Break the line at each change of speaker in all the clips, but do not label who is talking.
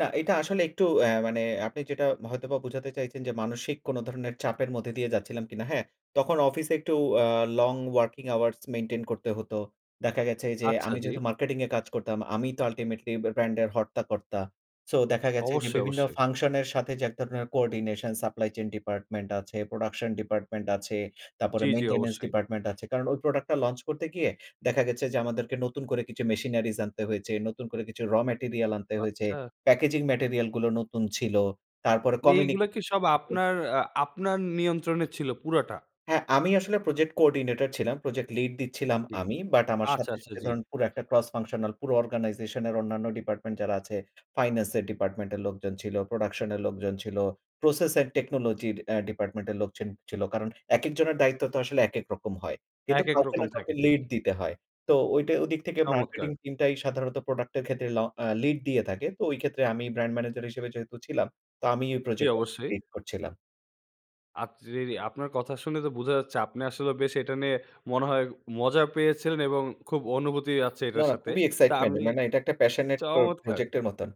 না, এটা আসলে একটু অ্যা মানে আপনি যেটা, হয়তোবা বুঝাতে চাইছেন যে মানসিক কোন ধরনের চাপের মধ্যে দিয়ে যাচ্ছিলাম কিনা। হ্যাঁ, তখন অফিসে একটু অ্যা long working hours maintain করতে হতো। দেখা গেছে যে,
আচ্ছা
আমি
জ্বী।
যেহেতু মার্কেটিং এ কাজ করতাম, আমি তো আল্টিমেটলি ব্যা ব্র্যান্ড এর হর্তাকর্তা। সো দেখা গেছে যে
অবশ্যই,
বিভিন্ন
অবশ্যই।
ফাংশন এর সাথে যে এক ধরনের coordination supply chain department আছে, 'প্রোডাকশন ডিপার্টমেন্ট' আছে তারপরে
জ্বী, জ্বী
'maintenance
অবশ্যই।
department' আছে। কারণ ওই প্রোডাক্ট টা লঞ্চ করতে গিয়ে দেখা গেছে যে আমাদেরকে নতুন করে কিছু মেশিনারিস আনতে হয়েছে, নতুন করে কিছু র ম্যাটেরিয়াল আনতে হয়েছে,
বাচ্ছা।
প্যাকেজিং ম্যাটেরিয়াল গুলো নতুন ছিল। তারপরে
নে এইগুলো
কমিনিকি
কি সব
[unintelligible]
আপনার আ আপনার নিয়ন্ত্রণ ছিল পুরাটা?
হ্যাঁ। আমি আসলে project coordinator ছিলাম। প্রজেক্ট লিড দিচ্ছিলাম
জ্বি।
আমি। বাট আমার
আচ্ছা,
সাথে,
আচ্ছা।
সাথে,
জ্বী।
ধরুন পুরো একটা ক্রস ফাংশনাল পুরো organization এর অন্যান্য ডিপার্টমেন্ট যারা আছে, ফাইনান্স এর ডিপার্টমেন্ট এর লোকজন ছিল, প্রোডাকশন এর লোকজন ছিল, process and technology র অ্যা ডিপার্টমেন্ট এর লোকজন ছিল। কারণ একেক জনের দায়িত্ব তো আসলে একেক রকম হয়। কিন্তু
একেক
কাউকে
রকম
না
থাকে,
কাউকে লিড
ঠিকই।
দিতে হয়। তো ওইটা ওদিক থেকে মার্কেটিং
চমৎকার!
টিমটাই সাধারণত প্রোডাক্ট এর ক্ষেত্রে ল অ্যা লিড দিয়ে থাকে। তো ওই ক্ষেত্রে আমি ব্র্যান্ড ম্যানেজার হিসেবে যেহেতু ছিলাম। তো আমি ওই
জ্বী
প্রজেক্টটা
অবশ্যই।
লিড করছিলাম।
আচ রিরি আপনার কথা শুনে তো বোঝা যাচ্ছে, আপনি আসলে বেশ এটা নিয়ে মনে হয়, মজা পেয়েছিলেন এবং খুব অনুভূতি আছে
না,
এটার
না,
সাথে।
খুবই
তা
এক্সাইটমেন্ট,
আমি
মানে এটা একটা প্যাশনেট প
চমৎকার!
প্রজেক্ট এর মতন।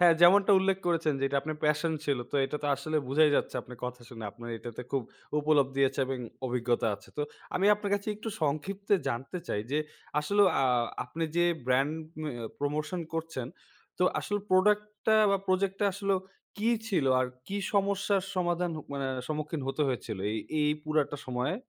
হ্যাঁ, যেমনটা উল্লেখ করেছেন যে এটা আপনার প্যাশন ছিল। তো এটা তো আসলে বোঝাই যাচ্ছে আপনার কথা শুনে, আপনার এটাতে খুব উপলব্ধি আছে এবং অভিজ্ঞতা আছে। তো আমি আপনার কাছে একটু সংক্ষিপতে জানতে চাই যে, আসলে অ্যা আপনি যে ব্র্যান্ড মিও প্রমোশন করছেন। তো আসলে প্রোডাক্ট টা বা প্রজেক্ট টা আসলেও কি ছিল? আর কি সমস্যার সমাধান হ মানে সম্মুখীন হতে হয়েছিল এই, এই পুরাটা সময়ে?